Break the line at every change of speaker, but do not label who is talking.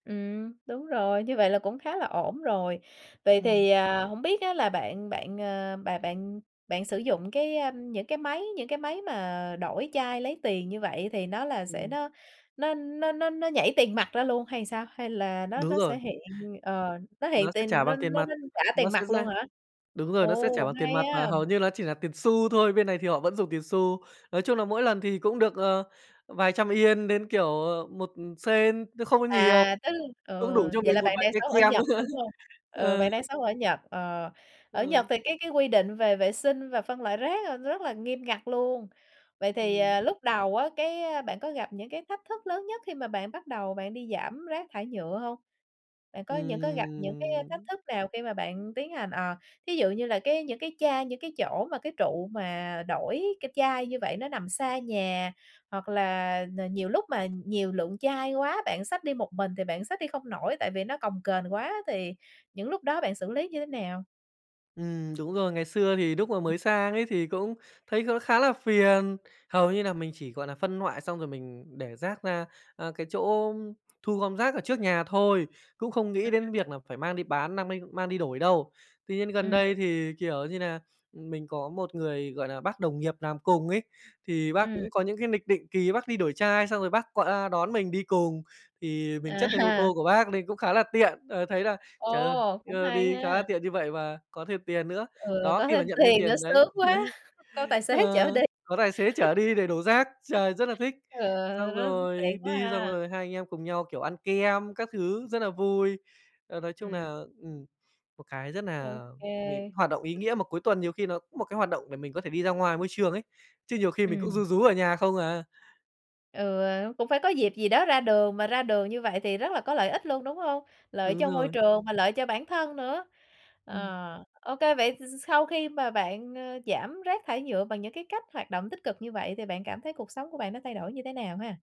Ừm, đúng rồi, như vậy là cũng khá là ổn rồi. Vậy
Ừm.
thì à, hổng biết á là bạn bạn, à, bà bạn bạn sử dụng cái, a, những cái máy những cái máy mà đổi chai lấy tiền như vậy thì nó là sẽ
Ừm.
nó nó nó nó nó nhảy tiền mặt ra luôn hay là sao? Hay là nó
Đúng
nó sẽ
rồi.
hiện, ờ, nó hiện
Nó sẽ
tiền
trả
nó
bằng tiền
nó
mặt,
nó trả
nó
tiền
sẽ
mặt luôn
ra
hả?
đúng rồi, nó sẽ trả
Ồ!
bằng tiền
Hay
mặt và
ha!
hầu như nó chỉ là tiền xu thôi, bên này thì họ vẫn dùng tiền xu. Nói chung là mỗi lần thì cũng được, ờ, vài trăm Yên đến, kiểu, ờ, một Sen chứ không có nhiều,
À! Tức ừ,
cũng đủ cho
vậy
mình
là
một
bạn
vài
đang
cây
sống ở
kem
Nhật,
nữa.
đúng hông? Ờ,
Ờ.
bạn đang sống ở Nhật, ờ, ở Nhật
Ờ.
thì cái cái quy định về vệ sinh và phân loại rác là nó rất là nghiêm ngặt luôn. Vậy thì,
Ừm.
à, lúc đầu á, cái bạn có gặp những cái thách thức lớn nhất khi mà bạn bắt đầu bạn đi giảm rác thải nhựa hông? Bạn có những cái gặp những cái thách
Ừm.
thức nào khi mà bạn tiến hành, ờ, thí dụ như là cái những cái chai, những cái chỗ mà cái trụ mà đổi cái chai như vậy nó nằm xa nhà, hoặc là là nhiều lúc mà nhiều lượng chai quá bạn xách đi một mình thì bạn xách đi không nổi tại vì nó cồng kềnh quá, thì những lúc đó bạn xử lý như thế nào?
Ừm, đúng rồi. Ngày xưa thì lúc mà mới sang ấy thì cũng thấy kh khá là phiền, hầu như là mình chỉ, gọi là, phân loại xong rồi mình để rác ra, à, cái chỗ thu gom rác ở trước nhà thôi, cũng không
À!
nghĩ đến việc là phải mang đi bán nang minh mang đi đổi đâu. Tuy nhiên gần
Ừm.
đây thì, kiểu như là, mình có một người, gọi là, bác đồng nghiệp làm cùng ấy, thì bác
Ừm.
cũng có những cái lịch định kỳ bác đi đổi chai, xong rồi bác qua đón mình đi cùng, thì mình
À!
chất lên ô tô của bác nên cũng khá là tiện. Ờ, thấy là "Trời ơi,
Ồ! Cũng
ờ,
hay
đi khá là
ha.
tiện như vậy và có thêm tiền nữa",
Ừ,
đó,
có
khi mà
thêm
nhận thêm
tiền nữa
tiền đấy,
sướng quá. Có tài xế
ờ,
chở đi.
có tài xế chở đi để đổ rác, trời, rất là thích,
Ờ,
xong
nó tiện
rồi
quá
đi xong
ha.
rồi hai anh em cùng nhau, kiểu, ăn kem các thứ rất là vui. Ờ, nói chung
Ừm.
là ừm, một cái rất
Ô
nà mình
kê.
hoạt động ý nghĩa mà cuối tuần nhiều khi nó cũng một cái hoạt động để mình có thể đi ra ngoài môi trường ấy, chứ nhiều khi mình cũng
Ừm.
ru rú ở nhà không à.
Ừ, cũng phải có dịp gì đó ra đường, mà ra đường như vậy thì rất là có lợi ích luôn, đúng hông? Lợi
Đúng
cho môi
rồi.
trường mà lợi cho bản thân nữa.
Ừm.
Ờ, ô kê, vậy s sau khi mà bạn, à, giảm rác thải nhựa bằng những cái cách hoạt động tích cực như vậy, thì bạn cảm thấy cuộc sống của bạn nó thay đổi như thế nào ha?